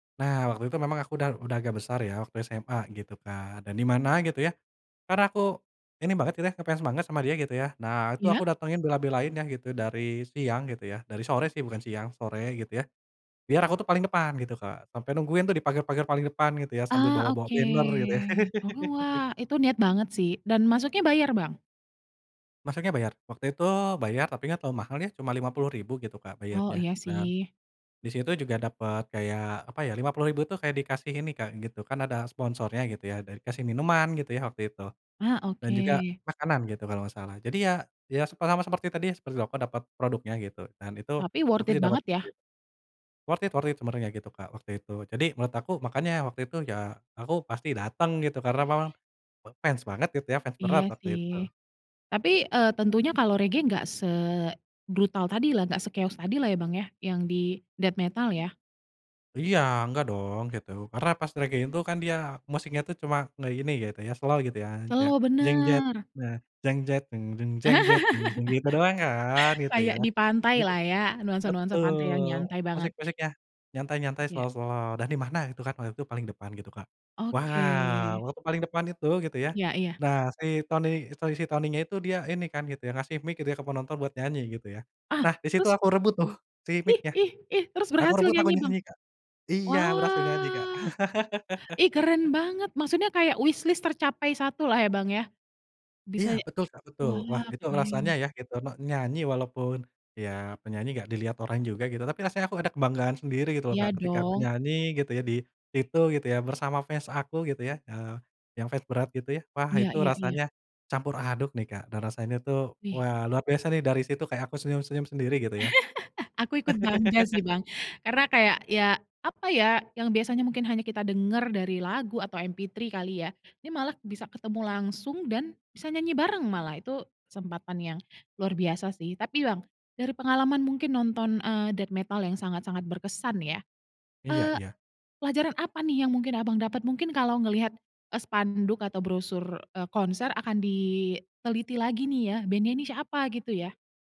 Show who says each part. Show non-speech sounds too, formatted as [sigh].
Speaker 1: Nah, waktu itu memang aku udah udah agak besar ya, waktu SMA gitu kan. Dan di mana gitu ya, karena aku ini banget gitu ya, nge-fans semangat sama dia gitu ya. Nah, itu
Speaker 2: Iya.
Speaker 1: aku datengin, bela-belain ya, gitu, dari siang gitu ya, dari sore sih, bukan siang, sore gitu ya. Biar aku tuh paling depan gitu, Kak. Sampai nungguin tuh di pagar-pagar paling depan gitu ya, sambil
Speaker 2: Ah
Speaker 1: bawa-bawa
Speaker 2: oke,
Speaker 1: banner gitu ya.
Speaker 2: oh
Speaker 1: [laughs]
Speaker 2: wah, itu niat banget sih, dan masuknya bayar Bang?
Speaker 1: Masuknya bayar. Waktu itu bayar, tapi nggak terlalu mahal ya, cuma Rp50.000 gitu, Kak,
Speaker 2: Oh,
Speaker 1: bayarnya
Speaker 2: iya
Speaker 1: dan
Speaker 2: sih.
Speaker 1: di situ juga dapet kayak apa ya, Rp50.000 tuh kayak dikasih ini, Kak, gitu, kan ada sponsornya gitu ya, ada dikasih minuman gitu ya, waktu itu,
Speaker 2: Ah,
Speaker 1: dan juga
Speaker 2: oke.
Speaker 1: makanan gitu, kalau nggak salah. Jadi ya ya se sama seperti tadi ya, seperti aku dapet produknya gitu, dan itu
Speaker 2: Tapi worth
Speaker 1: aku
Speaker 2: it
Speaker 1: sih dapet
Speaker 2: banget ya?
Speaker 1: dit worth it worth it sebenarnya gitu, Kak, waktu itu. Jadi menurut aku, makanya waktu itu, ya aku pasti dateng gitu, karena memang me fans banget gitu ya, fans
Speaker 2: Iya
Speaker 1: berat waktu itu.
Speaker 2: sih, tapi, eee, tentunya kalau reggae nggak sebrutal tadilah, nggak se-chaos tadi lah ya, Bang, ya, yang di death metal ya?
Speaker 1: Iya, enggak dong gitu. Karena pas meragain itu kan dia musiknya tuh cuma ngeini gitu ya, slow gitu ya. Kayak
Speaker 2: Slow bener.
Speaker 1: gitu doang kan,
Speaker 2: [laughs]
Speaker 1: gitu ya.
Speaker 2: Kayak di
Speaker 1: Jadi
Speaker 2: pantailah ya, nuansa-nuansa pantai yang
Speaker 1: betul,
Speaker 2: nyantai banget.
Speaker 1: musik-musiknya, nyantai-nyantai
Speaker 2: Iya.
Speaker 1: slow-slow dan di mana gitu kan, waktu itu paling depan gitu, Kak.
Speaker 2: Oke.
Speaker 1: Wow! waktu paling depan itu gitu ya.
Speaker 2: Iya iya.
Speaker 1: Nah, si Tony, Tony si Tonynya itu dia ini kan gitu ya, kasih mic gitu ya, ke penonton buat nyanyi gitu ya.
Speaker 2: Ah!
Speaker 1: Nah, di situ
Speaker 2: Terus?
Speaker 1: aku rebut tuh si
Speaker 2: Ih
Speaker 1: micnya,
Speaker 2: ih ih, terus
Speaker 1: aku
Speaker 2: berhasil
Speaker 1: rebut, aku
Speaker 2: nyanyi, Bang?
Speaker 1: nyanyi Kak. Iya, berhasil nyanyi, Kak.
Speaker 2: Wah! Ih keren
Speaker 1: [laughs]
Speaker 2: banget, maksudnya kayak wishlist tercapai 1-lah ya, Bang, ya? Bisa
Speaker 1: Iya,
Speaker 2: nye
Speaker 1: betul, Kak, betul. Wah
Speaker 2: wah
Speaker 1: itu
Speaker 2: keren.
Speaker 1: rasanya ya, gitu, ne nyanyi walaupun, ya penyanyi nggak dilihat orang juga gitu, tapi rasanya aku ada kebanggaan sendiri gitu loh,
Speaker 2: Iya
Speaker 1: Kak, ketika aku
Speaker 2: dong.
Speaker 1: nyanyi gitu ya, di situ gitu ya, bersama fans aku gitu ya, eee, yang fans berat gitu ya. Wah
Speaker 2: Iya
Speaker 1: itu
Speaker 2: iya iya.
Speaker 1: rasanya campur aduk nih, Kak, dan rasanya tuh,
Speaker 2: Wih.
Speaker 1: wah luar biasa nih, dari situ kayak aku senyum-senyum sendiri gitu ya.
Speaker 2: [laughs] Aku ikut bangga sih
Speaker 1: [laughs]
Speaker 2: Bang, karena kayak, ya apa ya, yang biasanya mungkin hanya kita denger dari lagu atau MP3 kali ya, ini malah bisa ketemu langsung dan bisa nyanyi bareng malah, itu kesempatan yang luar biasa sih. Tapi Bang, dari pengalaman mungkin nonton, eee, death metal yang sangat-sangat berkesan nih ya,
Speaker 1: Iya
Speaker 2: eee,
Speaker 1: iya.
Speaker 2: pelajaran apa nih yang mungkin Abang dapat? Mungkin kalau ngelihat, eee, spanduk atau brosur, eee, konser akan diteliti lagi nih ya, band-nya ini siapa gitu ya?